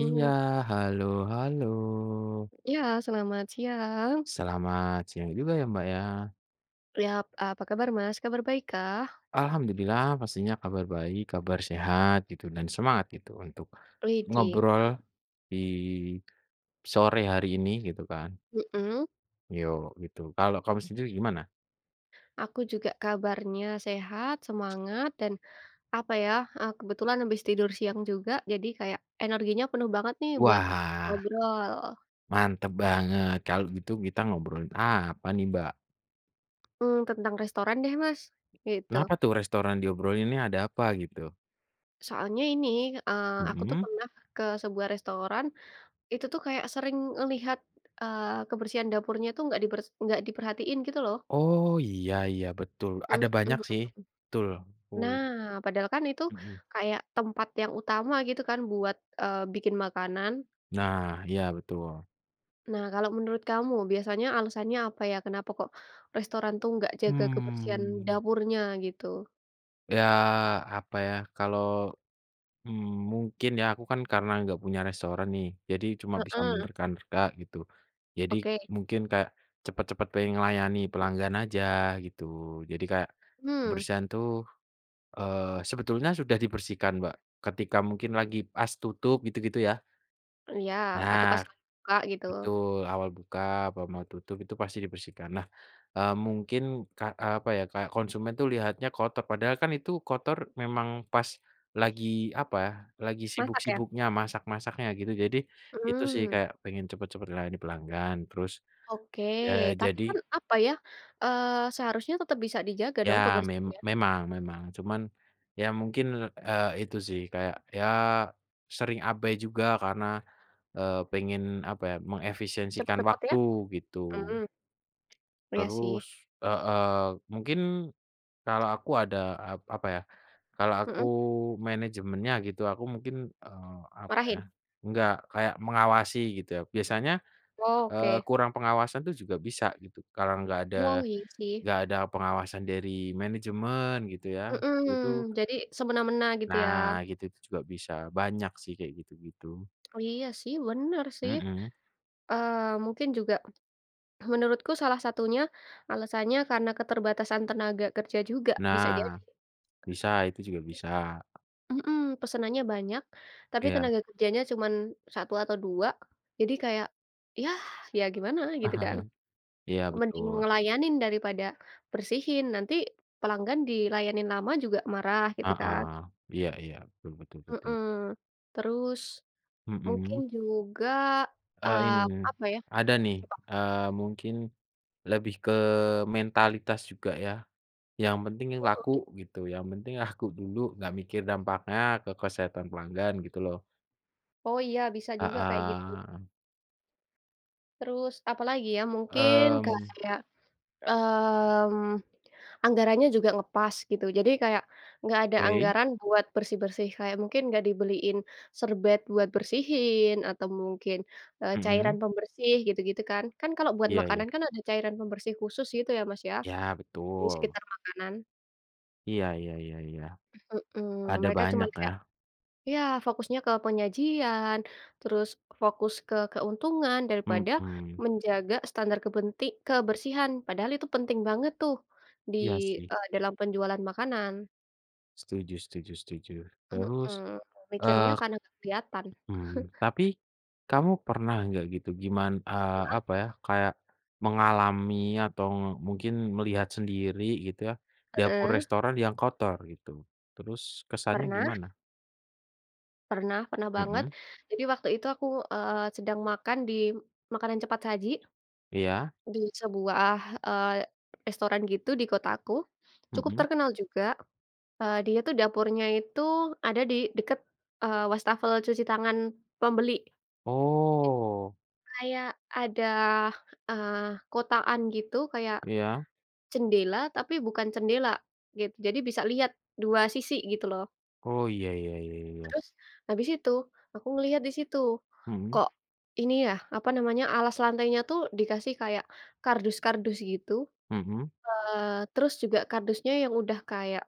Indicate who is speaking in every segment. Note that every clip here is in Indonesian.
Speaker 1: Iya halo halo.
Speaker 2: Ya, selamat siang.
Speaker 1: Selamat siang juga ya Mbak ya.
Speaker 2: Yap, apa kabar Mas? Kabar baik kah?
Speaker 1: Alhamdulillah pastinya kabar baik, kabar sehat gitu dan semangat gitu untuk
Speaker 2: Widih. [unintelligible]
Speaker 1: ngobrol di sore hari ini gitu kan.
Speaker 2: Mhm.
Speaker 1: Yok gitu, kalau kamu sendiri gimana?
Speaker 2: Aku juga kabarnya sehat, semangat, dan apa ya, a kebetulan habis tidur siang juga. Jadi kaya energinya penuh banget nih buat
Speaker 1: Wah.
Speaker 2: ngobrol.
Speaker 1: Mantap banget, kalau gitu kita ngobrolin apa nih Mbak?
Speaker 2: Hmm tentang restoran deh Mas gitu.
Speaker 1: Kenapa tuh restoran diobrolin nih? Ada apa gitu?
Speaker 2: Soalnya ini, eee, aku tuh
Speaker 1: Mhm.
Speaker 2: pernah ke sebuah restoran, itu tuh kaya sering ngelihat, eee, kebersihan dapurnya itu nggak diber nggak diperhatiin gitu loh.
Speaker 1: Oh iya iya betul
Speaker 2: Heeh.
Speaker 1: ada banyak sih. Betul. Oh.
Speaker 2: Nah padahal kan itu
Speaker 1: Mhm.
Speaker 2: kaya tempat yang utama gitu kan buat, eee, bikin makanan.
Speaker 1: Nah iya betul.
Speaker 2: Nah kalau menurut Kamu biasanya alasannya apa ya, kenapa kok restoran tuh nggak menjaga kebersihan
Speaker 1: Mmm.
Speaker 2: dapurnya gitu?
Speaker 1: Ya apa ya kalau, mmm, mungkin ya aku kan karena nggak punya restoran nih jadi cuma bisa
Speaker 2: Heeh.
Speaker 1: menerka-nerka gitu jadi
Speaker 2: Oke.
Speaker 1: mungkin kayak cepat-cepat pengen ngelayani pelanggan aja gitu, jadi kayak
Speaker 2: Hmm.
Speaker 1: kebersihan tuh, eee, sebetulnya sudah dibersihkan Mbak, ketika mungkin lagi pas tutup gitu-gitu ya.
Speaker 2: Iya atau
Speaker 1: Benar,
Speaker 2: pas lagi buka gitu.
Speaker 1: betul awal buka, apa mau tutup itu pasti dibersihkan. Nah, eee, mungkin k apa ya, kayak konsumen tuh lihatnya kotor, padahal kan itu kotor memang pas lagi apa, lagi
Speaker 2: Masak ya?
Speaker 1: sibuk-sibuknya, masak-masaknya gitu jadi itu sih,
Speaker 2: Mmm.
Speaker 1: kayak pengen cepet-cepet layani pelanggan terus
Speaker 2: Oke
Speaker 1: ya
Speaker 2: tapi
Speaker 1: jadi
Speaker 2: kan apa ya, eee, seharusnya tetap bisa dijaga dong
Speaker 1: Ya mem
Speaker 2: kebersihan?
Speaker 1: memang memang cuman ya mungkin, eee, itu sih kayak ya, sering abai juga karena, eee, pengen apa ya, mengefisiensikan
Speaker 2: Cepet-cepet
Speaker 1: waktu
Speaker 2: ya?
Speaker 1: gitu.
Speaker 2: Mmm. Iya
Speaker 1: Terus
Speaker 2: sih.
Speaker 1: heeh, mungkin kalau aku ada a apa ya, kalau aku
Speaker 2: Heeh.
Speaker 1: manajemennya gitu, aku mungkin, eee, apa ya,
Speaker 2: Marahin?
Speaker 1: enggak kayak mengawasi gitu ya, biasanya, eee,
Speaker 2: Oke.
Speaker 1: kurang pengawasan tuh juga bisa gitu kalau enggak ada
Speaker 2: Wow iya sih.
Speaker 1: enggak ada pengawasan dari manajemen gitu ya,
Speaker 2: Heeh,
Speaker 1: itu-itu.
Speaker 2: jadi semena-mena gitu ya.
Speaker 1: Nah gitu tuh juga bisa, banyak sih kayak gitu-gitu.
Speaker 2: Oh iya sih, bener sih.
Speaker 1: Mhm.
Speaker 2: Eee, mungkin juga menurutku salah satunya, alasannya karena keterbatasan tenaga kerja juga, bisa jadi.
Speaker 1: Nah, bisa, itu juga
Speaker 2: [unintelligible]
Speaker 1: bisa.
Speaker 2: Heeh, pesenannya banyak, tapi
Speaker 1: Iya.
Speaker 2: tenaga kerjanya cuma 1 atau 2 jadi kaya yah, ya gimana gitu kan?
Speaker 1: Iya
Speaker 2: Mending
Speaker 1: betul.
Speaker 2: ngelayanin daripada bersihin, nanti pelanggan dilayanin lama juga marah gitu
Speaker 1: Heeh,
Speaker 2: kan.
Speaker 1: iya iya betul betul betul.
Speaker 2: Heeh, terus mungkin
Speaker 1: Mhm.
Speaker 2: juga a
Speaker 1: Eee, in
Speaker 2: apa ya?
Speaker 1: ada nih,
Speaker 2: [unintelligible]
Speaker 1: eee, mungkin lebih ke mentalitas juga ya, yang penting
Speaker 2: Oh
Speaker 1: laku
Speaker 2: git
Speaker 1: gitu, yang penting laku dulu nggak mikir dampaknya ke kesehatan pelanggan gitu loh.
Speaker 2: Oh iya, bisa
Speaker 1: Ah
Speaker 2: juga kaya gitu.
Speaker 1: hah.
Speaker 2: Terus apalagi ya? Mungkin
Speaker 1: Mmm.
Speaker 2: kayak, mmm, anggarannya juga ngepas gitu. Jadi kayak, nggak ada
Speaker 1: Oke.
Speaker 2: anggaran buat bersih-bersih, kayak mungkin nggak dibeliin serbet buat bersihin, atau mungkin, eee,
Speaker 1: Mhm.
Speaker 2: cairan pembersih gitu-gitu kan. Kan kalau buat
Speaker 1: Iya iya.
Speaker 2: makanan kan ada cairan pembersih khusus gitu ya Mas, ya,
Speaker 1: Ya
Speaker 2: di
Speaker 1: betul.
Speaker 2: sekitar makanan.
Speaker 1: Iya iya iya iya,
Speaker 2: Heeh,
Speaker 1: ada
Speaker 2: mereka cuma
Speaker 1: banyak ya.
Speaker 2: kayak ya fokusnya ke penyajian, terus fokus ke keuntungan daripada
Speaker 1: Mhm.
Speaker 2: menjaga standar kepenti kebersihan, padahal itu penting banget tuh di,
Speaker 1: Iya sih.
Speaker 2: eee, dalam penjualan makanan.
Speaker 1: Setuju setuju setuju, terus,
Speaker 2: Heeh, mikirnya
Speaker 1: eee,
Speaker 2: karena nggak kelihatan.
Speaker 1: mmm, tapi kamu pernah nggak gitu giman eee,
Speaker 2: Heeh.
Speaker 1: apa ya, kayak mengalami atau mungkin melihat sendiri gitu ya, dapur
Speaker 2: Heeh.
Speaker 1: restoran yang kotor gitu, terus kesannya
Speaker 2: Pernah.
Speaker 1: gimana?
Speaker 2: Pernah, pernah banget.
Speaker 1: Mhm.
Speaker 2: Jadi waktu itu aku, eee, sedang makan di makanan cepat saji
Speaker 1: Iya.
Speaker 2: di sebuah, eee, restoran gitu di kotaku cukup
Speaker 1: Mhm.
Speaker 2: terkenal juga, eee, dia tuh dapurnya itu ada di dekat, eee, wastafel cuci tangan pembeli. [unintelligible]
Speaker 1: Oh.
Speaker 2: Kayak ada, eee, kotakan, gitu kaya
Speaker 1: Iya.
Speaker 2: jendela, tapi bukan jendela, gitu. Jadi bisa lihat 2 sisi gitu loh.
Speaker 1: Oh iya iya iya iya.
Speaker 2: Terus, habis itu aku melihat di situ,
Speaker 1: Mhm.
Speaker 2: kok ini ya apa namanya, alas lantainya tuh dikasih kayak kardus-kardus gitu,
Speaker 1: Mhm.
Speaker 2: eee, terus juga kardusnya yang udah kayak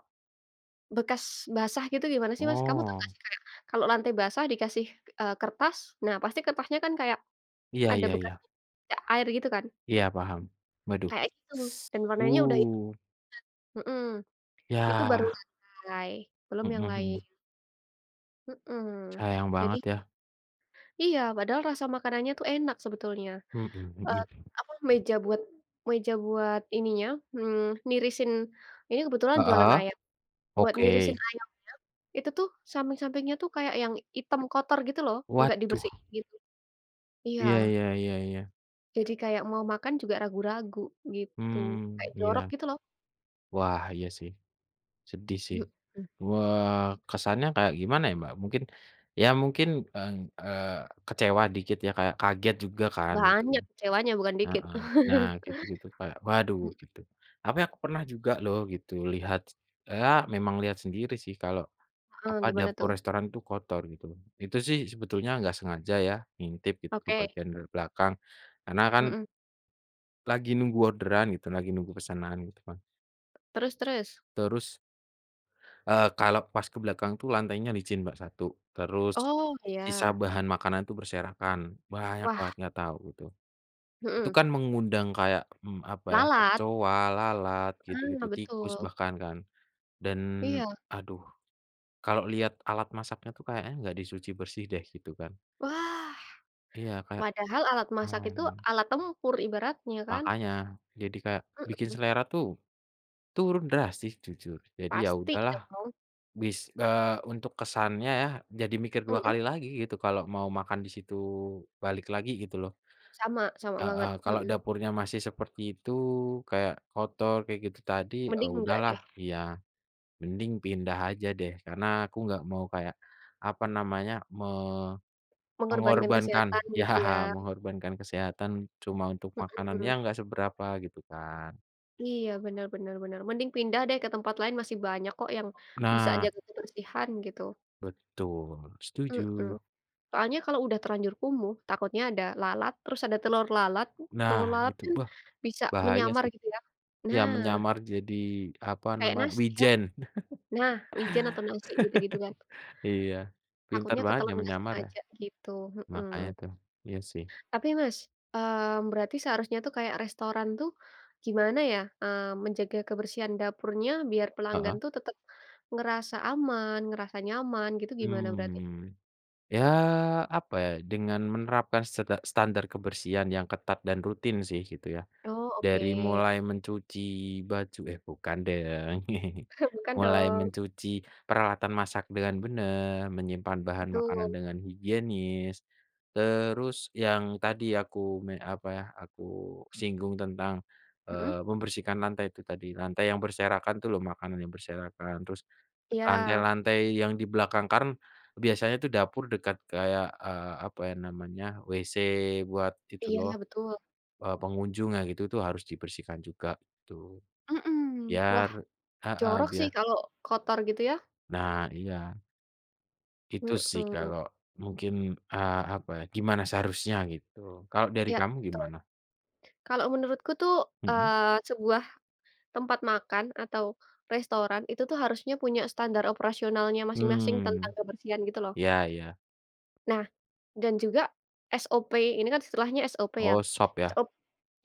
Speaker 2: bekas basah gitu gimana sih Mas? Kamu tau nggak
Speaker 1: Oh.
Speaker 2: sih kayak kalau lantai basah dikasih, eee, kertas, nah pasti kertasnya kan kayak
Speaker 1: Iya
Speaker 2: ada
Speaker 1: iya
Speaker 2: bekas
Speaker 1: iya.
Speaker 2: bercak air gitu kan?
Speaker 1: Iya paham waduh
Speaker 2: Kayak gitu dan
Speaker 1: s
Speaker 2: warnanya udah yang
Speaker 1: uh.
Speaker 2: [unintelligible] heeh. Itu baru
Speaker 1: Yah.
Speaker 2: lantai, belum
Speaker 1: Mhm
Speaker 2: yang lain.
Speaker 1: mhm.
Speaker 2: Heeh
Speaker 1: Sayang
Speaker 2: jadi
Speaker 1: banget ya.
Speaker 2: Iya, padahal rasa makanannya tuh enak sebetulnya,
Speaker 1: Mhm,
Speaker 2: eee,
Speaker 1: begitu.
Speaker 2: apa meja buat meja buat ininya, mmm nirisin ini kebetulan jualan
Speaker 1: Heeh
Speaker 2: ayam. Buat nirisin
Speaker 1: oke.
Speaker 2: ayamnya itu tuh samping-sampingnya tuh kayak yang hitam kotor gitu loh, nggak
Speaker 1: Waduh
Speaker 2: dibersihin. Iya.
Speaker 1: Iya iya iya iya.
Speaker 2: Jadi kayak mau makan juga ragu-ragu gitu,
Speaker 1: Mmm
Speaker 2: kayak jorok
Speaker 1: iya.
Speaker 2: gitu loh.
Speaker 1: Wah iya sih, sedih sih,
Speaker 2: Heeh.
Speaker 1: wah kesannya kayak gimana ya Mbak? Mungkin ya mungkin eng eee, kecewa dikit ya kayak kaget juga kan gitu.
Speaker 2: Banyak kecewanya bukan dikit.
Speaker 1: Heeh, nah gitu-gitu kayak, "waduh"
Speaker 2: Mmm.
Speaker 1: gitu apa ya, aku pernah juga loh gitu lihat s ea memang lihat sendiri sih kalau
Speaker 2: Heeh
Speaker 1: apa,
Speaker 2: gimana
Speaker 1: dapur
Speaker 2: tuh?
Speaker 1: restoran tuh kotor gitu, itu sih sebetulnya enggak sengaja ya, ngintip gitu ke
Speaker 2: Oke.
Speaker 1: bagian dari belakang, karena kan
Speaker 2: Mhm.
Speaker 1: lagi nunggu orderan gitu, lagi nunggu pesanan gitu kan.
Speaker 2: Terus terus?
Speaker 1: Terus eee, kalau pas ke belakang tuh lantainya licin Mbak satu, terus
Speaker 2: Oh
Speaker 1: sisa
Speaker 2: iya.
Speaker 1: bahan makanan tuh berserakan, banyak
Speaker 2: Wah.
Speaker 1: banget nggak tau itu, itu
Speaker 2: Heeh.
Speaker 1: kan mengundang kayak, mmm, apa ya,
Speaker 2: Lalat?
Speaker 1: kecoa, lalat,
Speaker 2: Ah
Speaker 1: gitu-gitu, tikus
Speaker 2: betul.
Speaker 1: bahkan kan, dan
Speaker 2: Iya.
Speaker 1: aduh kalau lihat alat masaknya itu kayaknya enggak di cuci bersih deh gitu kan.
Speaker 2: Wah,
Speaker 1: Iya kayak
Speaker 2: padahal alat masak itu
Speaker 1: mmm.
Speaker 2: alat tempur ibaratnya, kan?
Speaker 1: Makanya jadi kayak bikin
Speaker 2: Mhm.
Speaker 1: selera tuh turun drastis jujur, jadi ya
Speaker 2: Pasti
Speaker 1: udahlah
Speaker 2: dong!
Speaker 1: bis eee, untuk kesannya ya jadi mikir dua
Speaker 2: Mhm.
Speaker 1: kali lagi gitu kalau mau makan di situ, balik lagi gitu loh.
Speaker 2: Sama-sama
Speaker 1: Heeh,
Speaker 2: banget,
Speaker 1: kalau
Speaker 2: heeh.
Speaker 1: dapurnya masih seperti itu, kayak kotor kayak gitu tadi, eee,
Speaker 2: Mending enggak
Speaker 1: udahlah
Speaker 2: deh.
Speaker 1: iya mending pindah aja deh, karena aku nggak mau kayak apa namanya,
Speaker 2: Mengorbankan
Speaker 1: me-mengorbankan
Speaker 2: kesehatan
Speaker 1: ya
Speaker 2: gitu ya.
Speaker 1: mengorbankan kesehatan cuma untuk makanan
Speaker 2: Heeh.
Speaker 1: yang nggak seberapa gitu kan.
Speaker 2: Iya, bener bener bener, mending pindah deh ke tempat lain, masih banyak kok yang bisa
Speaker 1: Nah.
Speaker 2: jaga kebersihan gitu.
Speaker 1: Betul,
Speaker 2: Heeh,
Speaker 1: setuju.
Speaker 2: soalnya kalau sudah terlanjur kumuh takutnya ada lalat, terus ada telur lalat,
Speaker 1: Nah
Speaker 2: telur lalat
Speaker 1: itu
Speaker 2: kan
Speaker 1: beh.
Speaker 2: bisa
Speaker 1: Bahaya
Speaker 2: menyamar
Speaker 1: sih.
Speaker 2: gitu ya
Speaker 1: Iya
Speaker 2: nah.
Speaker 1: menyamar jadi apa
Speaker 2: Kaya
Speaker 1: namanya,
Speaker 2: nasi ya.
Speaker 1: wijen.
Speaker 2: Nah wijen atau nasi gitu-gitu kan.
Speaker 1: Iya, pintar
Speaker 2: Takutnya
Speaker 1: banget
Speaker 2: ketelen nggak
Speaker 1: nyamar-nyamar ya.
Speaker 2: sengaja gitu,
Speaker 1: Makanya
Speaker 2: heeh.
Speaker 1: itu. Iya sih.
Speaker 2: Tapi Mas, mmm, berarti seharusnya tuh kaya restoran tuh, gimana ya, mmm, menjaga kebersihan dapurnya biar pelanggan
Speaker 1: Heeh.
Speaker 2: tuh tetap ngerasa aman, ngerasa nyaman, gitu gimana berarti?
Speaker 1: Mmm, ya apa ya, dengan menerapkan seda standar kebersihan yang ketat dan rutin sih gitu ya,
Speaker 2: Oh
Speaker 1: dari
Speaker 2: oke.
Speaker 1: mulai mencuci baju eh bukan deh ya.
Speaker 2: Bukan
Speaker 1: Mulai
Speaker 2: dong.
Speaker 1: mencuci peralatan masak dengan benar, menyimpan bahan makanan
Speaker 2: Betul.
Speaker 1: dengan higienis, terus yang tadi aku me apa ya, aku singgung tentang,
Speaker 2: Mhm.
Speaker 1: eee, membersihkan lantai itu tadi, lantai yang berserakan itu loh makanan yang berserakan, terus
Speaker 2: Iya.
Speaker 1: lantai-lantai yang di belakangkan kan biasanya itu dapur dekat kayak, eee, apa ya namanya, WC buat itu
Speaker 2: Iya,
Speaker 1: loh,
Speaker 2: betul.
Speaker 1: eee, pengunjungnya, gitu tuh harus dibersihkan juga itu,
Speaker 2: Mmm,
Speaker 1: biar
Speaker 2: wah,
Speaker 1: heeh
Speaker 2: jorok sih
Speaker 1: biar
Speaker 2: kalau kotor gitu ya.
Speaker 1: Nah iya. Itu sih
Speaker 2: Heeh.
Speaker 1: kalau mungkin, eee, apa ya, gimana seharusnya gitu, kalau dari
Speaker 2: Iya
Speaker 1: kamu
Speaker 2: betul.
Speaker 1: gimana?
Speaker 2: Kalau menurutku tuh,
Speaker 1: Mhm.
Speaker 2: eee, sebuah tempat makan atau restoran itu tuh harusnya punya standar operasionalnya masing-masing tentang
Speaker 1: Hmm.
Speaker 2: kebersihan gitu loh.
Speaker 1: Iya iya.
Speaker 2: Nah dan juga SOP ini kan istilahnya SOP ya.
Speaker 1: Oh SOP ya?
Speaker 2: SO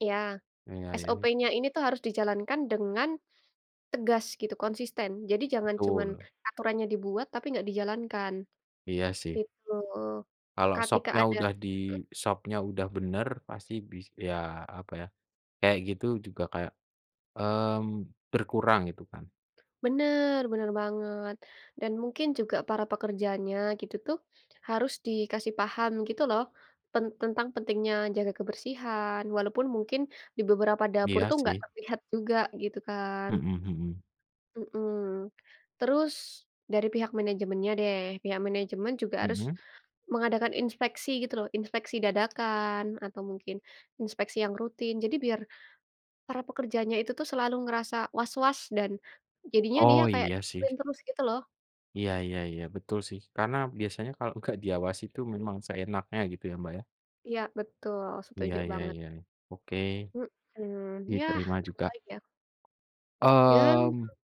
Speaker 2: ya,
Speaker 1: Iya iya nih.
Speaker 2: SOP-nya ini tuh harus dijalankan dengan tegas gitu, konsisten. Jadi jangan cuma
Speaker 1: Betul.
Speaker 2: aturannya dibuat tapi nggak dijalankan
Speaker 1: Iya sih.
Speaker 2: gitu.
Speaker 1: Kalo
Speaker 2: Ketika
Speaker 1: SOP-nya
Speaker 2: ada
Speaker 1: udah di
Speaker 2: heeh.
Speaker 1: SOP-nya udah bener pasti bis ya apa ya, kayak gitu juga kayak, mmm, berkurang gitu kan.
Speaker 2: Benar, benar banget, dan mungkin juga para pekerjanya gitu tuh harus dikasih paham gitu loh, pen tentang pentingnya jaga kebersihan walaupun mungkin di beberapa dapur
Speaker 1: Iya
Speaker 2: tuh nggak
Speaker 1: sih.
Speaker 2: terlihat juga gitu kan.
Speaker 1: Mhm mhm.
Speaker 2: Heeh, terus dari pihak manajemennya deh, pihak manajemen juga harus
Speaker 1: Mhm.
Speaker 2: mengadakan inspeksi gitu loh, inspeksi dadakan, atau mungkin inspeksi yang rutin jadi biar para pekerjanya itu tuh selalu ngerasa was-was dan jadinya dia
Speaker 1: Oh
Speaker 2: kayak
Speaker 1: iya
Speaker 2: disiplin
Speaker 1: sih.
Speaker 2: terus gitu loh.
Speaker 1: Iya iya iya betul sih, karena biasanya kalau gak diawasi itu memang seenaknya gitu ya Mbak ya?
Speaker 2: Iya, betul.
Speaker 1: Iya
Speaker 2: Setuju
Speaker 1: iya
Speaker 2: banget.
Speaker 1: iya, oke
Speaker 2: Heeh, yah
Speaker 1: diterima
Speaker 2: apa
Speaker 1: juga.
Speaker 2: lagi ya. Ya. [unintelligible]
Speaker 1: Mmm,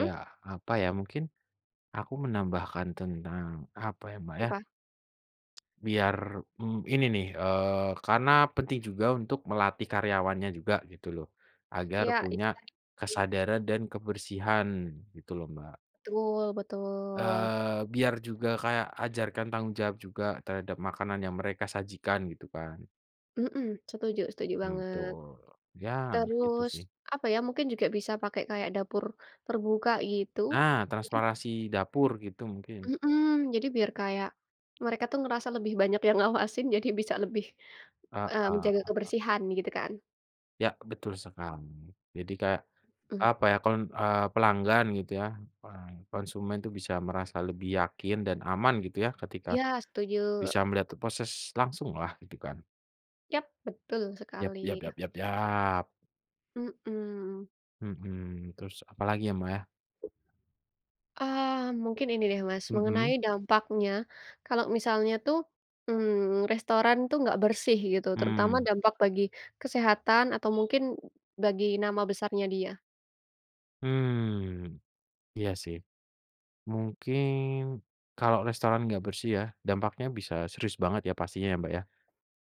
Speaker 1: ya apa ya, mungkin aku menambahkan tentang apa ya Mbak ya?
Speaker 2: Apa?
Speaker 1: Biar, mmm, ini nih eee karena penting juga untuk melatih karyawannya juga gitu loh, agar
Speaker 2: Iya,
Speaker 1: punya
Speaker 2: itu tadi.
Speaker 1: kesadaran dan kebersihan gitu loh Mbak.
Speaker 2: Betul betul.
Speaker 1: Eee, biar juga kaya ajarkan tanggung jawab juga terhadap makanan yang mereka sajikan gitu kan.
Speaker 2: Heeh, setuju setuju
Speaker 1: Hmm
Speaker 2: banget.
Speaker 1: tul, ya nah itu
Speaker 2: Terus
Speaker 1: sih.
Speaker 2: apa ya, mungkin juga bisa pakai kayak dapur terbuka gitu.
Speaker 1: Nah,
Speaker 2: [unintelligible]
Speaker 1: transparansi dapur gitu mungkin.
Speaker 2: Mhm, jadi biar kaya mereka tuh ngerasa lebih banyak yang ngawasin jadi bisa lebih, mmm, menjaga
Speaker 1: Heeh.
Speaker 2: kebersihan gitu kan.
Speaker 1: Ya betul sekali, jadi kayak
Speaker 2: Mhm.
Speaker 1: apa ya, kan, eee, pelanggan gitu ya, eee, konsumen itu bisa merasa lebih yakin dan aman gitu ya ketika
Speaker 2: Iya setuju.
Speaker 1: bisa melihat t proses langsunglah gitu kan.
Speaker 2: Yap betul
Speaker 1: Yap
Speaker 2: sekali.
Speaker 1: yap yap yap yap.
Speaker 2: Heeh.
Speaker 1: Mhm terus apa lagi ya Mbak ya?
Speaker 2: Ah mungkin ini deh Mas, mengenai
Speaker 1: Mhm.
Speaker 2: dampaknya kalau misalnya tuh, mmm, restoran itu nggak bersih gitu, terutama
Speaker 1: Mmm.
Speaker 2: dampak bagi kesehatan atau mungkin bagi nama besarnya dia.
Speaker 1: Mmm iya sih. Mungkin kalau restoran gak bersih ya, dampaknya bisa serius banget ya pastinya ya Mbak ya.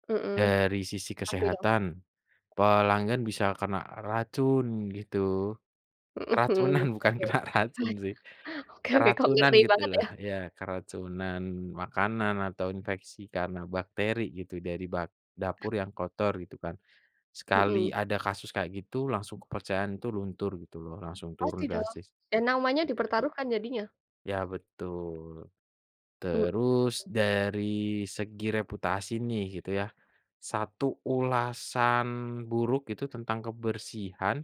Speaker 2: Heeh
Speaker 1: Dari sisi
Speaker 2: pasti dong.
Speaker 1: kesehatan, pelanggan bisa kena racun gitu.
Speaker 2: Heeh,
Speaker 1: Keracunan
Speaker 2: mhm.
Speaker 1: bukan
Speaker 2: Oke.
Speaker 1: kena racun sih,
Speaker 2: Oke oke kok
Speaker 1: keracunan
Speaker 2: ngeri
Speaker 1: gitu
Speaker 2: banget
Speaker 1: loh,
Speaker 2: ya?
Speaker 1: ya keracunan makanan atau infeksi karena bakteri gitu, dari bag dapur yang kotor gitu kan. Sekali
Speaker 2: Mhm.
Speaker 1: ada kasus kayak gitu, langsung kepercayaan tuh luntur gitu loh, langsung
Speaker 2: Pasti
Speaker 1: turun
Speaker 2: dong.
Speaker 1: drastis.
Speaker 2: Ya namanya
Speaker 1: Ya.
Speaker 2: dipertaruhkan jadinya.
Speaker 1: Ya betul.
Speaker 2: Mhm.
Speaker 1: Terus dari segi reputasi nih gitu ya, 1 ulasan buruk itu tentang kebersihan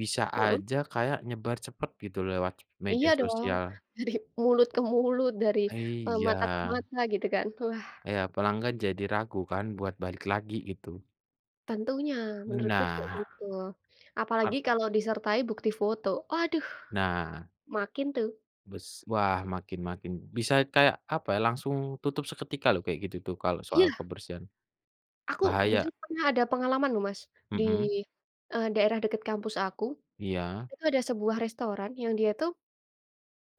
Speaker 1: bisa
Speaker 2: Heeh.
Speaker 1: aja kayak nyebar cepet gitu lewat media
Speaker 2: Iya dong!
Speaker 1: sosial.
Speaker 2: Dari mulut ke mulut, dari,
Speaker 1: Eee,
Speaker 2: eee, mata ke
Speaker 1: iya.
Speaker 2: mata gitu kan, wah.
Speaker 1: Iya pelanggan jadi ragu kan buat balik lagi gitu.
Speaker 2: Tentunya menurutku juga
Speaker 1: Nah.
Speaker 2: gitu, apalagi
Speaker 1: [unintelligible]
Speaker 2: kalau disertai bukti foto, aduh
Speaker 1: Nah.
Speaker 2: makin tuh.
Speaker 1: Bes wah makin makin, bisa kayak apa ya langsung tutup seketika loh kalau kayak gitu tuh kalau soal
Speaker 2: Iya.
Speaker 1: kebersihan.
Speaker 2: Aku
Speaker 1: Bahaya.
Speaker 2: jujur pernah ada pengalaman loh Mas di,
Speaker 1: Mhm.
Speaker 2: eee, daerah dekat kampus aku
Speaker 1: Iya.
Speaker 2: itu ada sebuah restoran yang dia tuh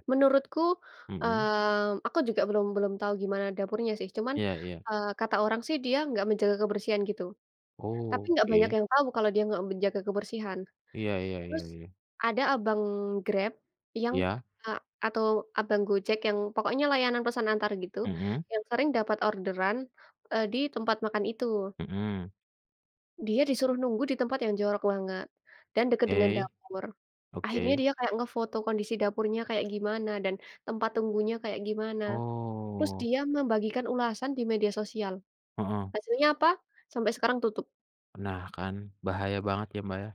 Speaker 2: menurutku,
Speaker 1: Mhm.
Speaker 2: mmm, aku juga belum belum tahu gimana dapurnya sih, cuman,
Speaker 1: Iya iya.
Speaker 2: eee, kata orang sih dia nggak menjaga kebersihan gitu, tapi
Speaker 1: Oh
Speaker 2: nggak banyak
Speaker 1: oke.
Speaker 2: yang tahu kalau dia nggak menjaga kebersihan.
Speaker 1: Iya iya iya
Speaker 2: Terus
Speaker 1: iya.
Speaker 2: ada abang Grab yang,
Speaker 1: Iya.
Speaker 2: eee, atau abang Gojek yang pokoknya layanan pesan antar gitu,
Speaker 1: Mhm.
Speaker 2: yang sering dapat orderan, eee, di tempat makan itu.
Speaker 1: Mhm.
Speaker 2: Dia disuruh nunggu di tempat yang jorok banget, dan dekat dengan
Speaker 1: Oke.
Speaker 2: dapur, akhirnya
Speaker 1: Oke.
Speaker 2: dia kayak ngefoto kondisi dapurnya kayak gimana, dan tempat tunggunya kayak gimana, terus
Speaker 1: Oh.
Speaker 2: dia membagikan ulasan di media sosial,
Speaker 1: Heeh.
Speaker 2: hasilnya apa? Sampai sekarang tutup.
Speaker 1: Nah kan bahaya banget ya Mbak ya.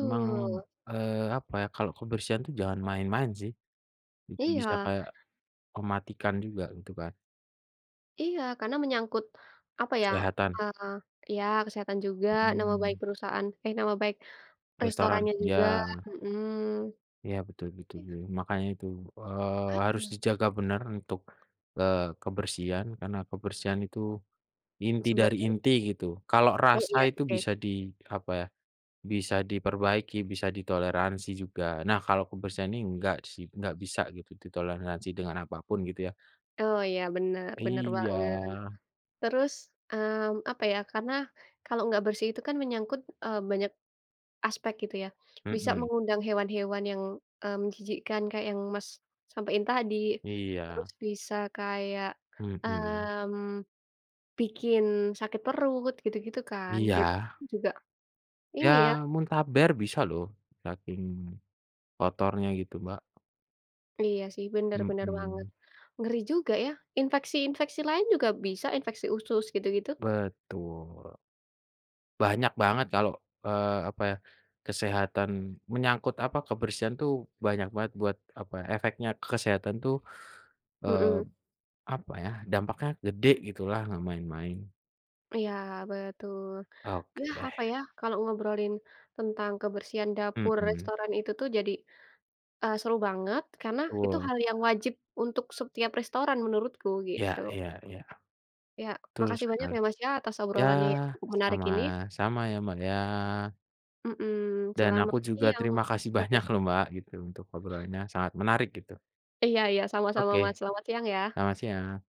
Speaker 1: Emang, eee, apa ya, kalau kebersihan itu jangan main-main sih, itu bisa
Speaker 2: Iya.
Speaker 1: kayak mematikan juga gitu kan.
Speaker 2: Iya karena menyangkut apa ya,
Speaker 1: Kesehatan.
Speaker 2: eee, ya kesehatan juga, nama baik
Speaker 1: Mhm.
Speaker 2: perusahaan eh nama baik
Speaker 1: Restoran
Speaker 2: restorannya juga,
Speaker 1: ya.
Speaker 2: heeh.
Speaker 1: Ya betul betul
Speaker 2: Iya.
Speaker 1: betul, makanya itu, eee, harus
Speaker 2: Heeh.
Speaker 1: dijaga benar untuk, eee, kebersihan karena kebersihan itu inti dari
Speaker 2: Sebagian
Speaker 1: inti gitu, kalau
Speaker 2: Oh
Speaker 1: rasa
Speaker 2: iya
Speaker 1: itu
Speaker 2: oke.
Speaker 1: bisa di apa ya, bisa diperbaiki bisa ditoleransi juga, nah kalau kebersihan ini enggak sih, enggak bisa gitu ditoleransi dengan apa pun gitu ya.
Speaker 2: Oh iya benar, benar
Speaker 1: Iya.
Speaker 2: banget. Terus, mmm, apa ya, karena kalau nggak bersih itu kan menyangkut, eee, banyak aspek gitu ya, bisa
Speaker 1: Mhm.
Speaker 2: mengundang hewan-hewan yang, mmm, menjijikkan kayak yang Mas sampaiin tadi, terus
Speaker 1: Iya.
Speaker 2: bisa kayak,
Speaker 1: Mhm.
Speaker 2: mmm, bikin sakit perut, gitu-gitu kan. Jadi
Speaker 1: Iya.
Speaker 2: orang juga, ini ya
Speaker 1: Ya muntaber bisa loh saking kotornya gitu Mbak.
Speaker 2: Iya sih benar, benar banget.
Speaker 1: Mhm.
Speaker 2: Ngeri juga ya. Infeksi-infeksi lain juga bisa, infeksi usus gitu-gitu.
Speaker 1: Betul. Banyak banget kalo, eee, apa ya, kesehatan, menyangkut apa, kebersihan tuh banyak banget buat apa, efeknya ke kesehatan tuh,
Speaker 2: Heeh.
Speaker 1: eee, apa ya, dampaknya gede gitu lah, nggak main-main.
Speaker 2: Iya betul,
Speaker 1: Oke
Speaker 2: yah
Speaker 1: deh.
Speaker 2: apa ya, kalau ngobrolin tentang kebersihan dapur
Speaker 1: Mhm.
Speaker 2: restoran itu tuh jadi, eee, seru banget karena itu
Speaker 1: Tul.
Speaker 2: hal yang wajib untuk setiap restoran menurutku
Speaker 1: Ya
Speaker 2: gitu.
Speaker 1: ya ya.
Speaker 2: Ya
Speaker 1: Betul
Speaker 2: makasih banyak
Speaker 1: sekali,
Speaker 2: ya Mas ya atas
Speaker 1: ya
Speaker 2: obrolan yang menarik ini.
Speaker 1: sama-sama ya, Mbak ya.
Speaker 2: Mmm,
Speaker 1: Dan
Speaker 2: selamat
Speaker 1: aku juga
Speaker 2: siang.
Speaker 1: terima kasih
Speaker 2: Oke.
Speaker 1: banyak loh Mbak gitu untuk obrolannya sangat menarik gitu.
Speaker 2: Iya iya sama-sama Mas,
Speaker 1: Oke.
Speaker 2: selamat siang ya.
Speaker 1: Selamat siang.